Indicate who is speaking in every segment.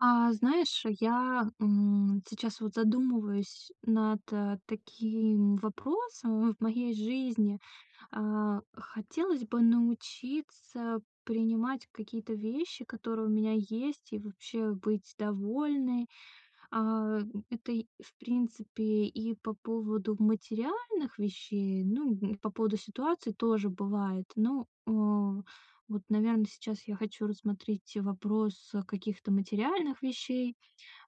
Speaker 1: А, знаешь, я, м, сейчас вот задумываюсь над, э, таким вопросом в в моей жизни. А, хотелось бы научиться принимать какие-то вещи, которые у меня есть, и вообще быть довольной. А, это, и, в принципе, и по поводу материальных вещей. Ну, м, по поводу ситуации тоже бывает. Ну, а, вот, наверно, сейчас я хочу рассмотреть вопрос каких-то материальных вещей,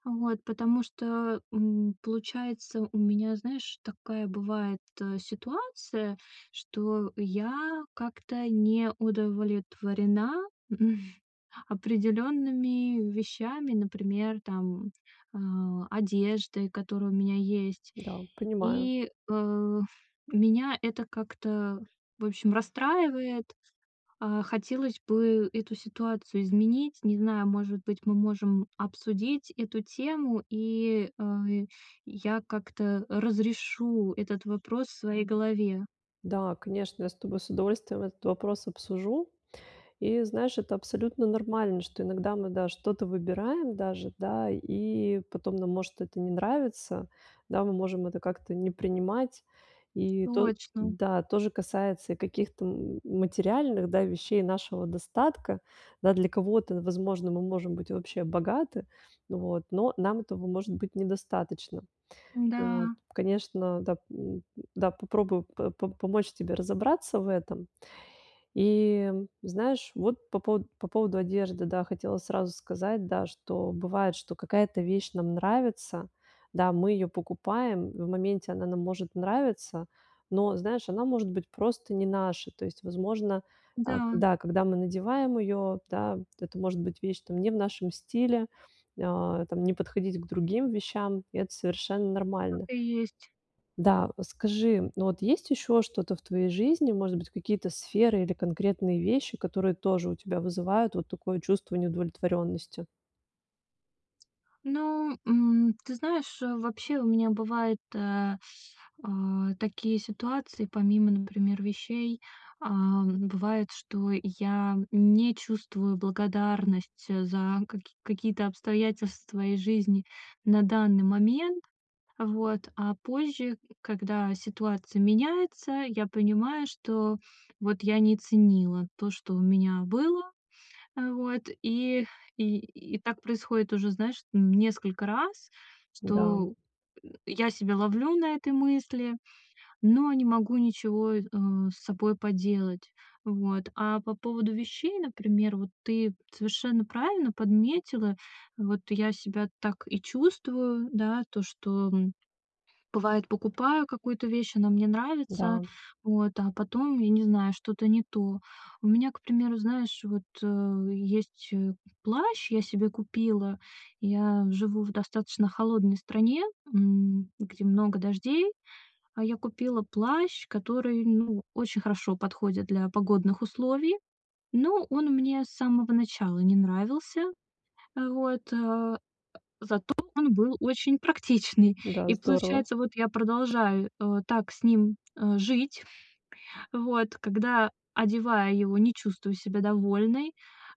Speaker 1: вот потому что, м, получается у меня, знаешь, такая бывает ситуация, что я как-то не удовлетворена определенными вещами, например, там, а, одеждой, которая у меня есть.
Speaker 2: Да, понимаю.
Speaker 1: И, э, у меня это как-то, в общем, расстраивает. А, хотелось бы эту ситуацию изменить. Не знаю, может быть, мы можем обсудить эту тему, и, э, я как-то разрешу этот вопрос в своей голове.
Speaker 2: Да, конечно, я с тобой с удовольствием этот вопрос обсужу. И знаешь, это абсолютно нормально, что иногда мы, да, что-то выбираем даже, да и потом нам может это не нравиться, да, мы можем это как-то не принимать. И то
Speaker 1: Точно.
Speaker 2: да то же касается и каких-то м материальных, да, вещей нашего достатка. Да, для кого-то, возможно, мы можем быть вообще богаты, вот, но нам этого может быть недостаточно. Вот.
Speaker 1: Да.
Speaker 2: Конечно, да, м, да, попробую по помочь тебе разобраться в этом. И, знаешь, вот по пово по поводу одежды, да, хотела сразу сказать, да, что бывает, что какая-то вещь нам нравится. Да, мы её покупаем, в моменте она нам может нравиться, но, знаешь, она может быть просто не наша. То есть, возможно, а,
Speaker 1: Да.
Speaker 2: да, когда мы надеваем её, да, это может быть вещь там не в нашем стиле, а, там не подходить к другим вещам. Это совершенно
Speaker 1: Так
Speaker 2: нормально.
Speaker 1: и есть.
Speaker 2: Да, скажи, вот есть еще что-то в твоей жизни, может быть, какие-то сферы или конкретные вещи, которые тоже у тебя вызывают вот такое чувство неудовлетворенности?
Speaker 1: Ну, м, ты знаешь, э, вообще у меня бывают, э, а, такие ситуации помимо, например, вещей. Ам, бывает, что я не чувствую благодарность, э, за каки какие-то обстоятельства из жизни на данный момент. Вот, а позже, когда ситуация меняется, я понимаю, что, вот, я не ценила то, что у меня было. Э, вот, и и и так происходит уже, знаешь, м, несколько раз,
Speaker 2: Да.
Speaker 1: что, м, я себя ловлю на этой мысли, но не могу ничего, э, с собой поделать. Вот, а по поводу вещей, например, вот, ты совершенно правильно подметила. Вот, я себя так и чувствую, да, то, что, м, бывает, покупаю какую-то вещь, она мне нравится.
Speaker 2: Да.
Speaker 1: Вот, а потом, я не знаю, что-то не то. У меня, к примеру, знаешь, вот, э, есть, э, плащ, я себе купила. Я живу в достаточно холодной стране, м, где много дождей. А я купила плащ, который, ну, очень хорошо подходит для погодных условий, но он мне с самого начала не нравился, э, вот, а. Зато он был очень практичный.
Speaker 2: Да,
Speaker 1: И
Speaker 2: здорово.
Speaker 1: получается, вот, я продолжаю, э, так с ним, э, жить вот, когда, одевая его, не чувствую себя довольной,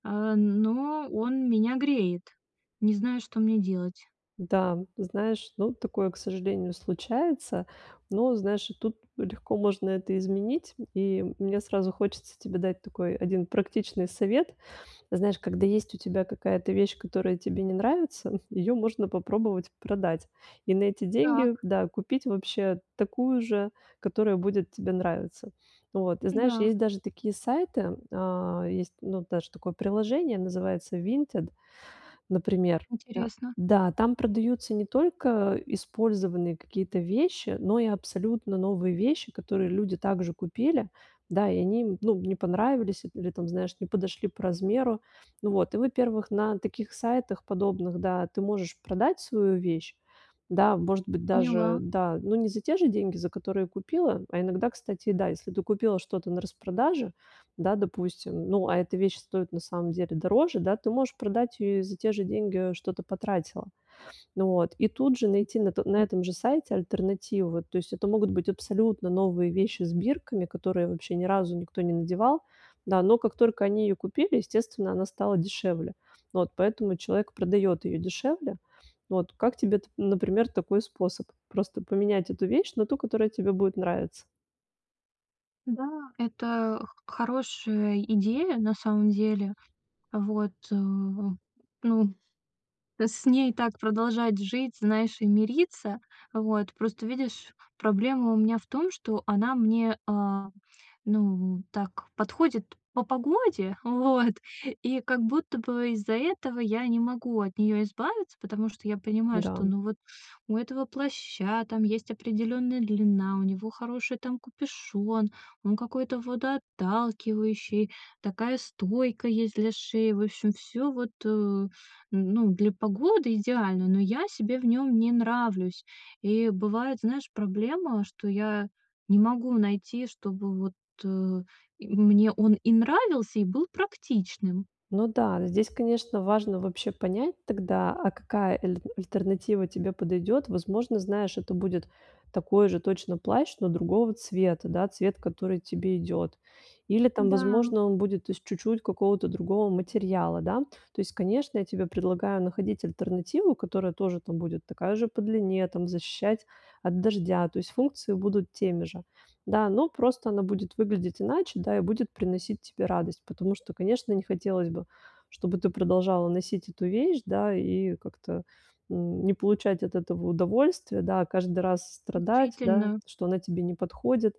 Speaker 1: э, но он меня греет. Не знаю, что мне делать.
Speaker 2: Да, знаешь, ну, такое, к сожалению, случается. Но знаешь, и тут легко можно это изменить, м, и мне сразу хочется тебе дать такой 1 практичный совет. Знаешь, когда есть у тебя какая-то вещь, которая тебе не нравится, её можно попробовать продать, и на эти деньги,
Speaker 1: Так.
Speaker 2: да, купить вообще такую же, которая будет тебе нравиться. Вот, ты знаешь,
Speaker 1: Да.
Speaker 2: есть даже такие сайты, а, есть, ну, даже такое приложение, называется Vinted, например, да?
Speaker 1: Интересно.
Speaker 2: Да, там продаются не только использованные какие-то вещи, но и абсолютно новые вещи, которые люди так же купили, да, и они им, ну, не понравились или, там, знаешь, не подошли по размеру. Ну вот, и во-первых, на таких сайтах подобных, да, ты можешь продать свою вещь, да, может быть даже,
Speaker 1: Поняла.
Speaker 2: да, ну, не за те же деньги, за которые купила, а иногда, кстати, и да, если ты купила что-то на распродаже, да, допустим, ну, а эта вещь стоит на самом деле дороже, да, ты можешь продать её и за те же деньги, что ты потратила. Ну вот, и тут же
Speaker 1: М.
Speaker 2: найти на то на
Speaker 1: А.
Speaker 2: этом же сайте альтернативу. Вот, то есть, это могут быть абсолютно новые вещи с бирками, которые вообще ни разу никто не надевал, да, но как только они её купили, естественно, она стала дешевле. Вот, поэтому человек продаёт её дешевле. Вот, как тебе т например, такой способ: просто поменять эту вещь на ту, которая тебе будет нравиться?
Speaker 1: Да, это х хорошая идея, на самом деле. Вот, э, ну, т с ней так продолжать жить, знаешь, и мириться. Вот, просто видишь, проблема у меня в том, что она мне, э, ну, так, подходит по погоде, вот, и как будто бы из-за этого я не могу от нее избавиться. Потому что я понимаю,
Speaker 2: Да,
Speaker 1: что,
Speaker 2: м.
Speaker 1: ну, вот у этого плаща там есть определенная длина, у него хороший, там, капюшон, он какой-то водоотталкивающий, такая стойка есть для шеи. В общем, всё вот, э, ну, для погоды идеально, но я себе в нем не нравлюсь. И бывает, знаешь, проблема, что я не могу найти, чтобы вот, э, и, мне он и нравился, и был практичным.
Speaker 2: Ну да, здесь, конечно, важно вообще понять тогда, а какая эль альтернатива тебе подойдет. Возможно, знаешь, это будет такой же точно плащ, но другого цвета, да, цвет, который тебе идет. Или там,
Speaker 1: Да.
Speaker 2: возможно, он будет из чуть-чуть какого-то другого материала, да. То есть, конечно, я тебе предлагаю находить альтернативу, которая тоже, там будет такая же по длине, там защищать от дождя. То есть, функции будут теми же. Да, ну, просто она будет выглядеть иначе, да, и будет приносить тебе радость. Потому что, конечно, не хотелось бы, чтобы ты продолжала носить эту вещь, да, и как-то, м, не получать от этого удовольствия, да, а каждый раз с страдать, да,
Speaker 1: Учительна.
Speaker 2: что она тебе не подходит.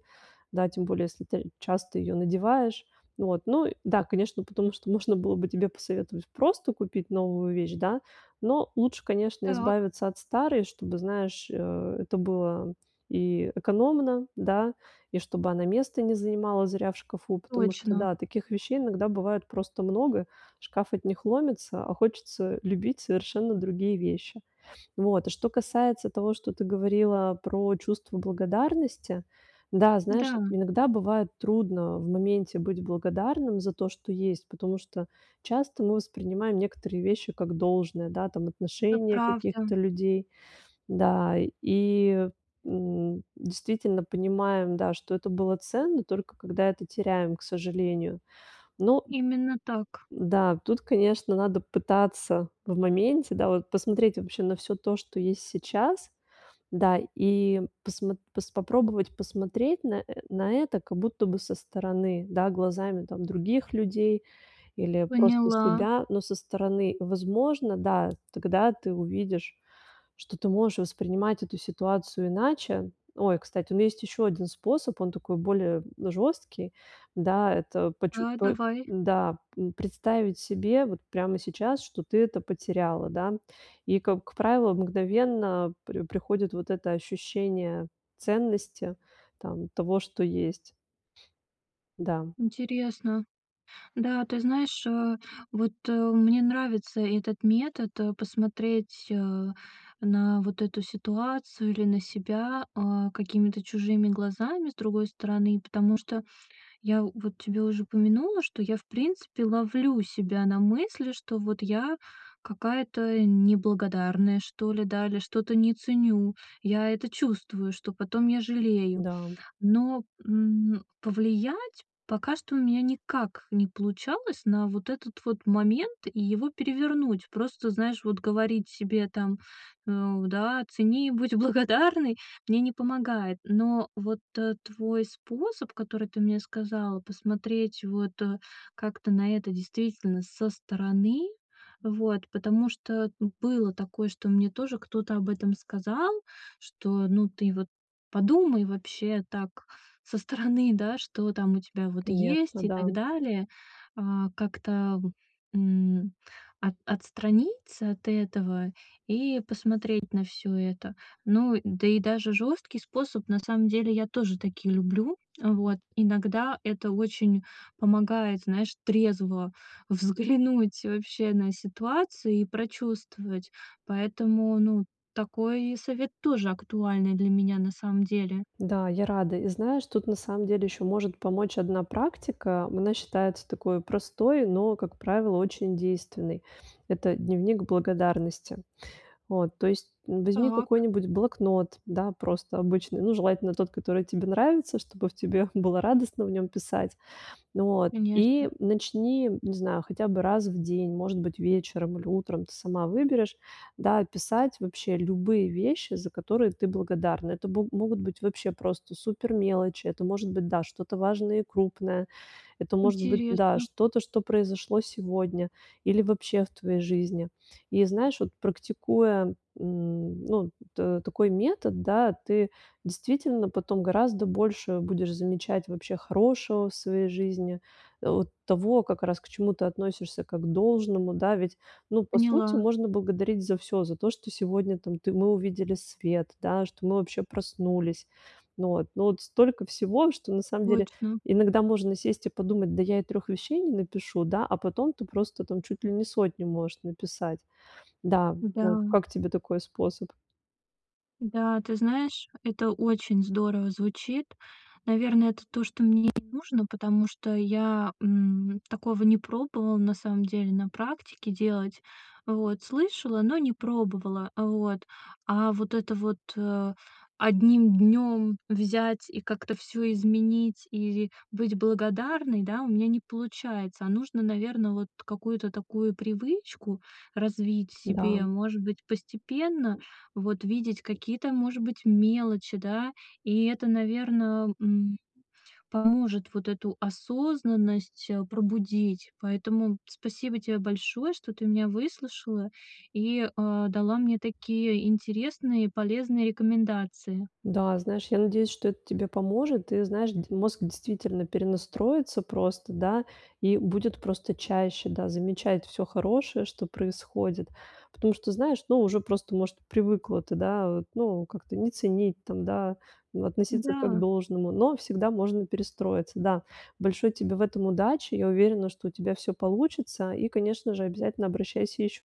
Speaker 2: Да, тем более, если ты часто ее надеваешь. Вот, ну и да, конечно, потому что можно было бы тебе посоветовать просто купить новую вещь, да. Но лучше, конечно,
Speaker 1: Так.
Speaker 2: избавиться от старой, чтобы, знаешь, э, это было и, э, экономно, да, и чтобы она места не занимала зря в шкафу. Потому что
Speaker 1: Точно.
Speaker 2: да, таких вещей иногда бывает просто много, шкаф от них ломится, а хочется любить совершенно другие вещи. Вот. А что касается того, что ты говорила про чувство благодарности. Да, знаешь,
Speaker 1: Да.
Speaker 2: иногда бывает трудно в моменте быть благодарным за то, что есть, потому что часто мы воспринимаем некоторые вещи как должное, да, там
Speaker 1: Это
Speaker 2: отношение
Speaker 1: правда.
Speaker 2: каких-то людей. Да, и, м, действительно понимаем, да, что это было ценно, только когда это теряем, к сожалению. Но
Speaker 1: Именно так.
Speaker 2: Да. Тут, конечно, надо пытаться в моменте, да, вот посмотреть вообще на всё то, что есть сейчас, да. И посмо пос попробовать посмотреть на на это как будто бы со стороны, да, глазами, там, других людей или просто
Speaker 1: Поняла.
Speaker 2: себя, но со стороны. Возможно, да, тогда ты увидишь, что ты можешь воспринимать эту ситуацию иначе. Ой, кстати, у меня есть еще 1 способ, он такой более, м, жесткий. Да, это почу
Speaker 1: Да,
Speaker 2: по
Speaker 1: давай.
Speaker 2: да, м, представить себе вот прямо сейчас, что ты это потеряла, да. И, как правило, мгновенно при приходит вот это ощущение ценности, там, того, что есть. Да.
Speaker 1: Интересно. Да, ты знаешь, э, вот, э, мне нравится этот метод, э, посмотреть, э, на вот эту ситуацию или на себя, э, какими-то чужими глазами, с другой стороны. Потому что я в вот тебе уже упомянула, что я в принципе ловлю себя на мысли, что, вот, я какая-то неблагодарная, что ли, да, или что-то не ценю. Я это чувствую, что потом я жалею.
Speaker 2: Да, м.
Speaker 1: Но, м, повлиять пока что у меня никак не получалось на вот этот вот момент и его перевернуть. Просто, знаешь, вот говорить себе там, э, да: "Цени, будь благодарной" мне не помогает. Но вот т твой способ, который ты мне сказала, посмотреть вот, э, как-то на это действительно со стороны. Вот, потому что было такое, что мне тоже кто-то об этом сказал, что, ну ты вот подумай вообще так со стороны, да, что там у тебя, вот,
Speaker 2: Конечно,
Speaker 1: есть и
Speaker 2: да.
Speaker 1: так далее. А, как-то, м, от отстраниться от этого и посмотреть на всё это. Ну да и даже жесткий способ, на самом деле, я тоже такие люблю. Вот, иногда это очень помогает, знаешь, трезво взглянуть вообще на ситуацию и прочувствовать. Поэтому, ну, такой совет тоже актуальный для меня, на самом деле.
Speaker 2: Да, я рада. И знаешь, тут, на самом деле, еще может помочь одна практика. Она считается такою простой, но, как правило, очень действенной. Это дневник благодарности. Вот, то есть, н возьми
Speaker 1: Так.
Speaker 2: какой-нибудь блокнот, да, просто обычный, ну, желательно, тот, который тебе нравится, чтобы в тебе было радостно в нем писать. Вот, и
Speaker 1: Конечно.
Speaker 2: начни, не знаю, хотя бы раз в день, может быть, вечером или утром, ты сама выберешь, да, писать вообще любые вещи, за которые ты благодарна. Это бо могут быть вообще просто супер мелочи, это может быть, да, что-то важное и крупное. Это может быть, да,
Speaker 1: Интересно.
Speaker 2: что-то, что произошло сегодня или вообще в твоей жизни. И знаешь, вот практикуя, м, ну, т такой метод, да, ты действительно потом гораздо больше будешь замечать вообще хорошего в своей жизни. Э, вот того, как раз к чему ты относишься, как к должному, да, ведь, ну, по сути,
Speaker 1: Поняла.
Speaker 2: можно благодарить за всё. За то, что сегодня, там, ты мы увидели свет, да, что мы вообще проснулись. Ну вот. Ну вот столько всего, что на самом деле
Speaker 1: Точно.
Speaker 2: иногда можно сесть и подумать: "Да я и 3 вещей не напишу", да, а потом ты просто, там, чуть ли не 100 можешь написать. Да, вот.
Speaker 1: Да.
Speaker 2: Как тебе такой способ?
Speaker 1: Да, ты знаешь, это очень здорово звучит. Наверное, это то, что мне и нужно, потому что я, м, такого не пробовала на самом деле на практике делать. Вот, слышала, но не пробовала. Вот. А вот это вот, э, одним днём взять и как-то всё изменить, и быть благодарной, да, у меня не получается. А нужно, наверно, вот какую-то такую привычку развить в
Speaker 2: Да.
Speaker 1: себе. Может быть, постепенно, вот, видеть какие-то, может быть, мелочи, да. И это, наверно, м, поможет вот эту осознанность, э, пробудить. Поэтому спасибо тебе большое, что ты меня выслушала и, э, дала мне такие интересные полезные рекомендации.
Speaker 2: Да, знаешь, я надеюсь, что это тебе поможет, и, знаешь, д мозг действительно перенастроится просто, да, и будет просто чаще, да, замечать всё хорошее, что происходит. Потому что, знаешь, ну, уже просто, может, привыкла ты, да, вот, ну, как-то не ценить там, да, э, относиться как к
Speaker 1: Да.
Speaker 2: должному, но всегда можно перестроиться, да. Большой тебе в этом удачи, я уверена, что у тебя всё получится, и, конечно же, обязательно обращайся еще.